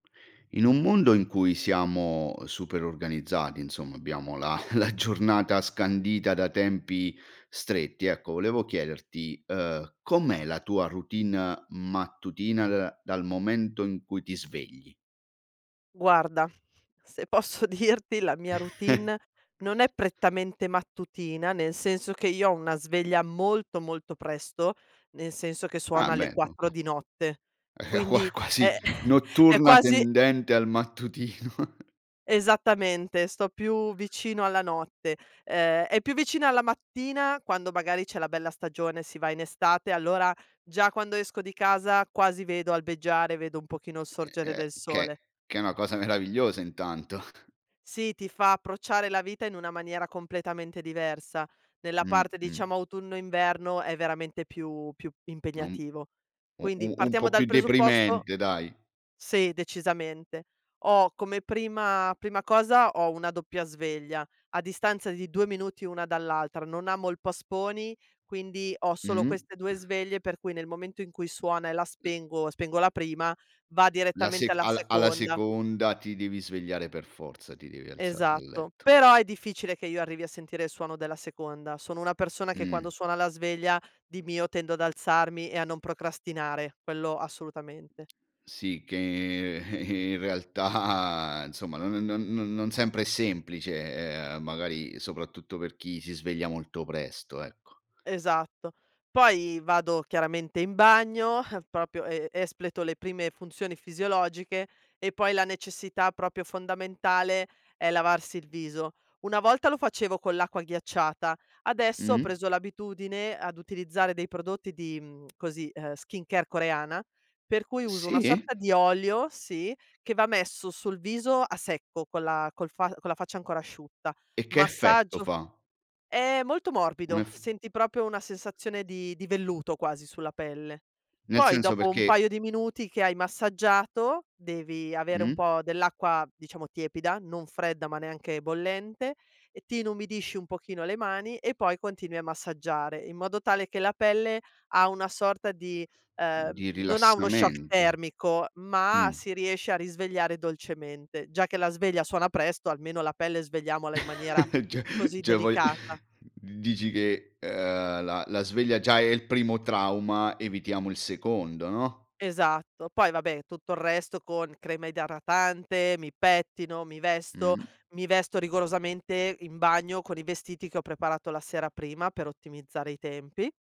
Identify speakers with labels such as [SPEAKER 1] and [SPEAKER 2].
[SPEAKER 1] In un mondo in cui siamo super organizzati, insomma, abbiamo la la giornata scandita da tempi stretti, ecco, volevo chiederti, ehm, com'è la tua routine mattutina, da dal momento in cui ti svegli?
[SPEAKER 2] Guarda, se posso dirti la mia routine, non è prettamente mattutina, nel senso che, io ho una sveglia molto, molto presto, nel senso che
[SPEAKER 1] Ah
[SPEAKER 2] suona alle
[SPEAKER 1] beh co
[SPEAKER 2] 4
[SPEAKER 1] co
[SPEAKER 2] di notte.
[SPEAKER 1] Eh, qua
[SPEAKER 2] Quindi
[SPEAKER 1] quasi
[SPEAKER 2] è è
[SPEAKER 1] notturna
[SPEAKER 2] quasi
[SPEAKER 1] tendente al mattutino.
[SPEAKER 2] Esattamente, sto più vicino alla notte. Ehm, è più vicina alla mattina, quando magari c'è la bella stagione, si va in estate, allora, già quando esco di casa quasi vedo albeggiare, vedo un pochino sorgere
[SPEAKER 1] [unintelligible]
[SPEAKER 2] del
[SPEAKER 1] Che
[SPEAKER 2] sole.
[SPEAKER 1] che è una cosa meravigliosa intanto.
[SPEAKER 2] Sì, ti fa approcciare la vita in una maniera completamente diversa, nella
[SPEAKER 1] Mh,
[SPEAKER 2] parte,
[SPEAKER 1] mh.
[SPEAKER 2] diciamo, autunno inverno è veramente più più
[SPEAKER 1] Un
[SPEAKER 2] impegnativo.
[SPEAKER 1] u
[SPEAKER 2] Quindi
[SPEAKER 1] u un
[SPEAKER 2] partiamo
[SPEAKER 1] po'
[SPEAKER 2] dal
[SPEAKER 1] più
[SPEAKER 2] presupposto
[SPEAKER 1] deprimente dai.
[SPEAKER 2] sì, decisamente, ho come prima prima cosa, ho una doppia sveglia, a distanza di 2 minuti una dall'altra, non amo il post-poni, quindi ho solo
[SPEAKER 1] Mh-mh.
[SPEAKER 2] queste 2 sveglie, per cui nel momento in cui suona e la
[SPEAKER 1] Uhm
[SPEAKER 2] spengo, spengo la prima, va
[SPEAKER 1] La
[SPEAKER 2] direttamente
[SPEAKER 1] sec
[SPEAKER 2] alla
[SPEAKER 1] al alla
[SPEAKER 2] seconda.
[SPEAKER 1] seconda ti devi svegliare per forza, ti devi alzar dal
[SPEAKER 2] Esatto,
[SPEAKER 1] letto.
[SPEAKER 2] però è difficile che io arrivi a sentire il suono della seconda, sono una persona che quando
[SPEAKER 1] Mh.
[SPEAKER 2] suona la sveglia, di mio tendo ad alzarmi e a non procrastinare, quello assolutamente.
[SPEAKER 1] Sì che e e in realtà, insomma non non non sempre è semplice, e magari soprattutto per chi si sveglia molto presto ecco.
[SPEAKER 2] Esatto, poi vado chiaramente in bagno, eh, proprio e espleto le prime funzioni fisiologiche, e poi la necessità, proprio fondamentale, è lavarsi il viso; una volta lo facevo con l'acqua ghiacciata, adesso ho
[SPEAKER 1] Mh.
[SPEAKER 2] preso l'abitudine ad utilizzare dei prodotti di, mhmm, così, skincare coreana, per cui uso una
[SPEAKER 1] Sì?
[SPEAKER 2] sorta di olio, sì, che va messo sul viso a secco, con la col fa con la faccia ancora asciutta
[SPEAKER 1] E che effetto
[SPEAKER 2] massaggio
[SPEAKER 1] fa?
[SPEAKER 2] è molto
[SPEAKER 1] Un
[SPEAKER 2] morbido,
[SPEAKER 1] ef
[SPEAKER 2] senti proprio una sensazione di di velluto quasi sulla pelle,
[SPEAKER 1] Nel
[SPEAKER 2] poi
[SPEAKER 1] senso
[SPEAKER 2] dopo un
[SPEAKER 1] perché
[SPEAKER 2] paio di minuti che hai massaggiato, devi avere un
[SPEAKER 1] Mh.
[SPEAKER 2] po' dell'acqua diciamo tiepida, non fredda, ma neanche bollente, ti inumidisci un pochino le mani e poi continui a massaggiare, in modo tale che la pelle ha una sorta di ehm,
[SPEAKER 1] Di
[SPEAKER 2] non ha uno shock
[SPEAKER 1] rilassamento,
[SPEAKER 2] termico, ma
[SPEAKER 1] mh.
[SPEAKER 2] si riesce a risvegliare dolcemente; già che la sveglia suona presto, almeno la pelle svegliamola in maniera,
[SPEAKER 1] Cioè-
[SPEAKER 2] così,
[SPEAKER 1] cioè vuoi
[SPEAKER 2] delicata.
[SPEAKER 1] dici che, uhm, la la sveglia è già il primo trauma, evitiamo il secondo, no?
[SPEAKER 2] Esatto poi vabbè, tutto il resto con crema idratante, mi pettino, mi vesto,
[SPEAKER 1] Mh.
[SPEAKER 2] mi vesto rigorosamente in bagno, con i vestiti che ho preparato la sera prima, per ottimizzare i tempi.